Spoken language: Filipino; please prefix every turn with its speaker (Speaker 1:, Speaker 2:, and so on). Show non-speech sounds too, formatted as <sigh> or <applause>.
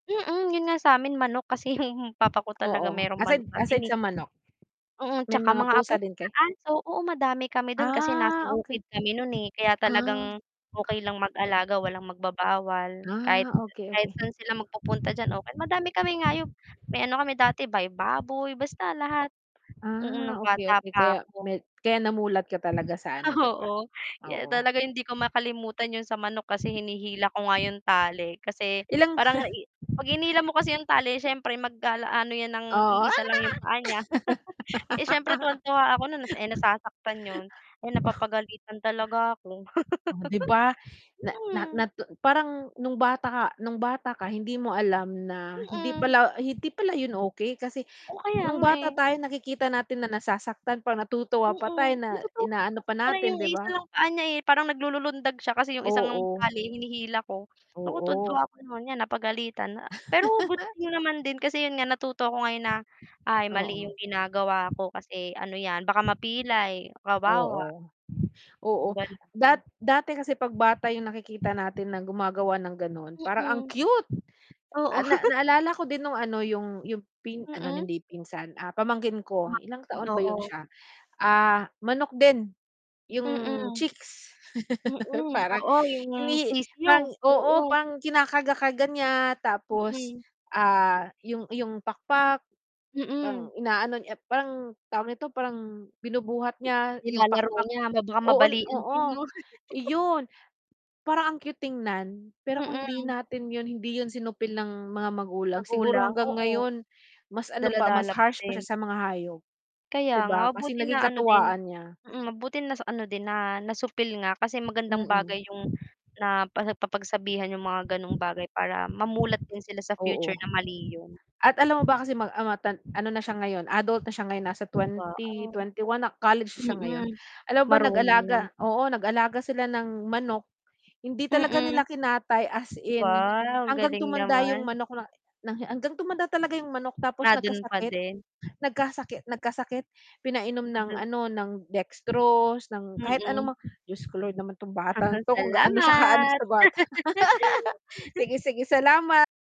Speaker 1: Mm, 'yon nga sa'min manok kasi 'yong papa ko talaga
Speaker 2: Oo,
Speaker 1: mayro'ng manok
Speaker 2: aside
Speaker 1: natin,
Speaker 2: aside
Speaker 1: eh.
Speaker 2: sa manok,
Speaker 1: Mm,
Speaker 2: may
Speaker 1: tsaka
Speaker 2: mga
Speaker 1: mga
Speaker 2: pusa din
Speaker 1: pusa,
Speaker 2: kayo?
Speaker 1: aso. Oo, madami kami do'n kasi nasa
Speaker 2: Ah, okey.
Speaker 1: bukid kami no'n, eh. Kaya
Speaker 2: Ah.
Speaker 1: talagang okey lang mag-alaga walang magbabawal. Kahit
Speaker 2: Ah, okey,
Speaker 1: kahit
Speaker 2: okey.
Speaker 1: saan sila magpupunta diyan, ok. Madami kami hayop, may ano kami dati bay baboy, basta lahat. Mm, no'ng
Speaker 2: Ah, okey,
Speaker 1: bata
Speaker 2: okey. Kaya
Speaker 1: pa ako.
Speaker 2: may kaya namulat ka talaga sa ano, 'di ba?
Speaker 1: Oo, ye
Speaker 2: Oo.
Speaker 1: talaga hindi ko makalimutan 'yong sa manok kasi hinihila ko nga 'yong tali, kasi
Speaker 2: Ilang
Speaker 1: parang
Speaker 2: <chuckles>
Speaker 1: i 'pag hinila mo kasi 'yong tali, siyempre mag-ala ano 'yan ng
Speaker 2: Oo.
Speaker 1: iisa lang 'yong paa niya. <laughs> Eh, siyempre tuwang-tuwa ako na nas eh,
Speaker 2: <laughs>
Speaker 1: nasasaktan 'yon. Ay,
Speaker 2: Oh.
Speaker 1: napapagalitan talaga ako.
Speaker 2: Oh, 'di ba? Na
Speaker 1: <laughs>
Speaker 2: na
Speaker 1: Mm.
Speaker 2: natun parang no'ng bata ka no'ng bata ka, hindi mo alam na hindi
Speaker 1: Mm.
Speaker 2: pala hindi pala 'yon okey kasi
Speaker 1: Oh, kaya
Speaker 2: no'ng
Speaker 1: nga,
Speaker 2: bata
Speaker 1: eh.
Speaker 2: tayo nakikita natin na nasasaktan pa, natutuwa pa tayo,
Speaker 1: Mm,
Speaker 2: na
Speaker 1: natutuwa ako
Speaker 2: inaano
Speaker 1: kasi
Speaker 2: pa
Speaker 1: parang
Speaker 2: natin,
Speaker 1: 'yong
Speaker 2: 'di
Speaker 1: isa
Speaker 2: ba?
Speaker 1: lang paa niya, eh. Parang naglululundag siya kasi 'yong isang
Speaker 2: Oo.
Speaker 1: tali hinihila ko. Naku, tuwang-tuwa
Speaker 2: Oo.
Speaker 1: ako no'n. 'Yan, napagalitan a pero good
Speaker 2: <laughs>
Speaker 1: thing naman din kasi, 'yon nga, natuto ko ngayon na, "Ay, mali
Speaker 2: Oo.
Speaker 1: 'yong ginagawa ko. Kasi ano 'yan, baka mapilay, kawawa."
Speaker 2: Oo. Oo,
Speaker 1: 'Yong gano'n.
Speaker 2: dat dati kasi 'pag bata 'yong nakikita natin na gumagawa ng gano'n, parang ang
Speaker 1: Mm.
Speaker 2: cute.
Speaker 1: Oo.
Speaker 2: Ah, na
Speaker 1: <chuckles>
Speaker 2: naalala ko din no'ng, ano, 'yong 'yong pin anon
Speaker 1: Mm?
Speaker 2: hindi pinsan, ah, pamangkin ko. Ilang
Speaker 1: Pamangkin,
Speaker 2: taon ba 'yon
Speaker 1: oo.
Speaker 2: siya? Ah, manok din. 'Yong
Speaker 1: Mm.
Speaker 2: chicks <laughs>
Speaker 1: Mm,
Speaker 2: parang
Speaker 1: oo 'yong
Speaker 2: hindi
Speaker 1: sisiw,
Speaker 2: pang oo,
Speaker 1: oo.
Speaker 2: pang kinakarga-karga niya. Tapos,
Speaker 1: Mm.
Speaker 2: ah, 'yong iyong pakpak, parang
Speaker 1: Mm.
Speaker 2: inaano niya parang tawag nito, parang binubuhat niya
Speaker 1: Ni
Speaker 2: 'yong
Speaker 1: nilalaro
Speaker 2: pakpak.
Speaker 1: niya, baka
Speaker 2: Oo, n
Speaker 1: mabalalian din,
Speaker 2: oo,
Speaker 1: 'no? <laughs>
Speaker 2: iyon. Parang ang cute tignan. Pero kung hindi
Speaker 1: Mm.
Speaker 2: natin 'yon hindi 'yon sinupil ng mga magulang, siguro
Speaker 1: Magulang,
Speaker 2: hanggang
Speaker 1: oo.
Speaker 2: ngayon mas ano pa, mas
Speaker 1: Dala-dala pa
Speaker 2: harsh pa
Speaker 1: din.
Speaker 2: siya sa mga hayop.
Speaker 1: Kaya
Speaker 2: 'Di
Speaker 1: nga,
Speaker 2: ba? Kasi
Speaker 1: buti
Speaker 2: naging
Speaker 1: naano din.
Speaker 2: katuwaan niya.
Speaker 1: Mm, mabuti na sa ano din na nasupil nga kasi magandang
Speaker 2: Mm.
Speaker 1: bagay 'yong napapagsabihan 'yong mga gano'ng bagay, para mamulat din sila sa future
Speaker 2: Oo.
Speaker 1: na mali 'yon.
Speaker 2: At alam mo ba kasi mag ah, matan ano na siya ngayon, adult na siya ngayon nasa
Speaker 1: Ba
Speaker 2: twenty,
Speaker 1: oh.
Speaker 2: twenty-one na, college na siya ngayon.
Speaker 1: Mm,
Speaker 2: Alam mo ba
Speaker 1: marunong na.
Speaker 2: nag-alaga oo, nag-aalaga sila ng manok. Hindi talaga
Speaker 1: Mm.
Speaker 2: nila kinatay, as in.
Speaker 1: Wow, ang
Speaker 2: Hanggang
Speaker 1: galing
Speaker 2: tumanda 'yong
Speaker 1: naman.
Speaker 2: manok na na hi hanggang tumanda talaga 'yong manok.
Speaker 1: Na
Speaker 2: Tapos
Speaker 1: do'n pa
Speaker 2: nagkasakit.
Speaker 1: din.
Speaker 2: Nagkasakit nagkasakit. Pinainom ng,
Speaker 1: Ando'n
Speaker 2: ano, ng dextrose ng kahit
Speaker 1: Mm.
Speaker 2: ano mang Diyos ko Lord naman 'tong bata
Speaker 1: Aha,
Speaker 2: ito. Kung gaano siya kaano
Speaker 1: salamat.
Speaker 2: sa bata. <laughs>
Speaker 1: <laughs>
Speaker 2: Sige, sige, salamat.